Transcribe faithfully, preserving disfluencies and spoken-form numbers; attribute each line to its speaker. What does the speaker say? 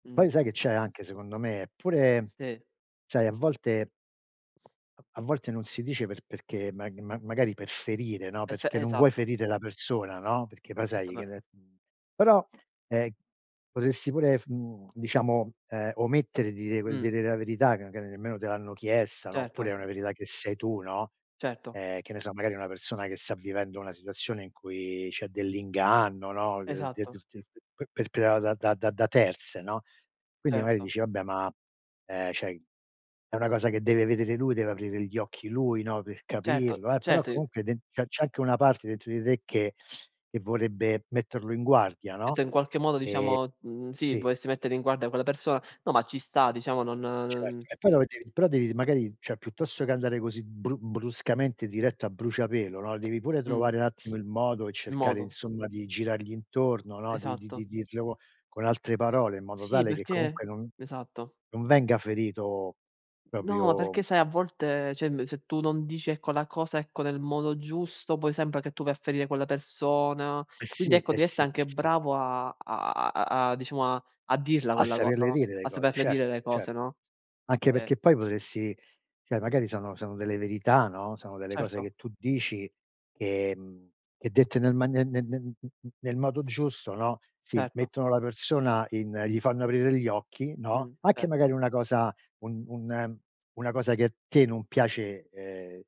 Speaker 1: Mh.
Speaker 2: Poi sai che c'è anche secondo me? Eppure
Speaker 1: Sì.
Speaker 2: sai a volte a volte non si dice per perché mag ma magari per ferire, no,
Speaker 1: Esse
Speaker 2: perché non vuoi
Speaker 1: esatto.
Speaker 2: ferire la persona, no, perché poi
Speaker 1: Certo
Speaker 2: sai che
Speaker 1: pe
Speaker 2: ne però, ehm, potresti pure f mhmm, diciamo, ehm, omettere di dire quel di
Speaker 1: Mh.
Speaker 2: dire la verità che che nemmeno te l'hanno chiesta, no, oppure
Speaker 1: Certo.
Speaker 2: è una verità che sai tu, no,
Speaker 1: Certo.
Speaker 2: ehm, che ne so, magari una persona che sta vivendo una situazione in cui c'è dell'inganno, no,
Speaker 1: Esatto.
Speaker 2: [unintelligible] p p perpredada da da da da terze, no, quindi magari
Speaker 1: Certo.
Speaker 2: dici vabbè, ma, ehm, ceh è una cosa che deve vedere lui, deve aprire gli occhi lui, no, per
Speaker 1: Certo,
Speaker 2: capirlo eh, però
Speaker 1: certo i
Speaker 2: comunque den che c'è anche una parte dentro di te che che vorrebbe metterlo in guardia, no, ehm
Speaker 1: cetto in qualche modo diciamo mhmm sì,
Speaker 2: sì.
Speaker 1: vorresti mettere in guardia quella persona, no, ma ci sta diciamo, non
Speaker 2: Certo.
Speaker 1: n
Speaker 2: E poi dove devi però devi magari, cioè piuttosto che andare così bru bruscamente diretto a bruciapelo, no, devi pure
Speaker 1: Mh.
Speaker 2: trovare n'attimo il modo e
Speaker 1: Il
Speaker 2: cercare
Speaker 1: modo.
Speaker 2: insomma di girargli intorno, no, di di
Speaker 1: Esatto.
Speaker 2: di dirlo con altre parole, in modo
Speaker 1: Sì,
Speaker 2: tale che
Speaker 1: perché
Speaker 2: comunque non
Speaker 1: esatto.
Speaker 2: non venga ferito
Speaker 1: No, perché
Speaker 2: propio
Speaker 1: sai a volte cioè emb se tu non dici ecco la cosa, ecco, nel modo giusto poi sempa che tu vai a ferire quella persona.
Speaker 2: Eh
Speaker 1: Quindi
Speaker 2: sì
Speaker 1: ecco
Speaker 2: eh
Speaker 1: devi esse
Speaker 2: sì eh
Speaker 1: anche
Speaker 2: sì.
Speaker 1: bravo a a a diciamo a a dirla
Speaker 2: A
Speaker 1: quella cosa,
Speaker 2: saperle
Speaker 1: no,
Speaker 2: dire le
Speaker 1: a
Speaker 2: cose,
Speaker 1: saperle
Speaker 2: certo,
Speaker 1: dire le
Speaker 2: cer
Speaker 1: cose, no,
Speaker 2: anche
Speaker 1: ehm
Speaker 2: perché poi potresti cioè magari sono sono delle verità, no, sono delle cose
Speaker 1: Certo.
Speaker 2: che tu dici ehm, che dette nel ma ne ne n n n nel modo giusto, no, si,
Speaker 1: Certo.
Speaker 2: mettono la persona in gli fanno aprire gli occhi, no,
Speaker 1: Mh,
Speaker 2: anche
Speaker 1: certo.
Speaker 2: magari una cosa un un una cosa che a te non piace, ehm